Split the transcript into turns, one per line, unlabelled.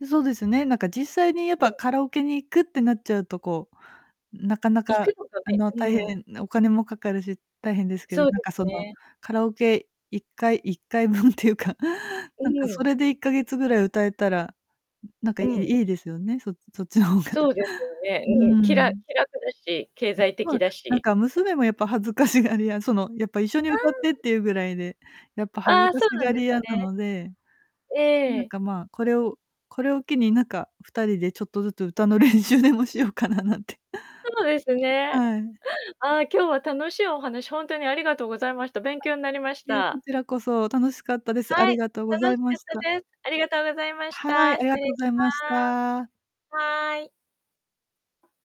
うそうですね、なんか、実際にやっ
う
ぱ、
ん。
カラオケに行くってなっちゃうと、こう、なかな
行く
か、
のが
あ
ね、
の、
う
大
ん。
変なお金もかかるし、大変ですけど、
そう
なん
です
か、その、
ね。
カラオケ1回-1回分っていうか、
う
なんか、
ー
そ
ん。
れで1ヶ月ぐらい歌えたら、んなんか、い
うん。
いいですよね、そそっちの方が。
そうですよね、
う
うん、きら
ん。
気楽だし、経
うん。
済
まあ、
的だ
なん
し。
か、娘もやっぱ恥ずかしがりやその、やっぱ一緒に
う
歌ってっ
ーん。うん。
ていうぐらいで、やっぱ恥
あ
ず
あ、
か
そ
し
うなん
が
で
り
す
屋な
ね。
ので。
え
なん
え。
か、まあ、これをこれを機に、なんか、2人でちょっとずつ歌の練習でもしようかななんて。
そうですね。
はい。
ああ、今日は楽しいお話ほんとにありがとうございました。勉
は
強になりまし
い。いえ、こ
た。
ちらこそ楽しかったです。あ
は
り
い、
がとうござ
楽
い
し
ま
かっ
した。
たです。ありがとうございまし
は
た。
い、あ
失
りが
礼
と
し
うございまし
ま
た。
す。はーい。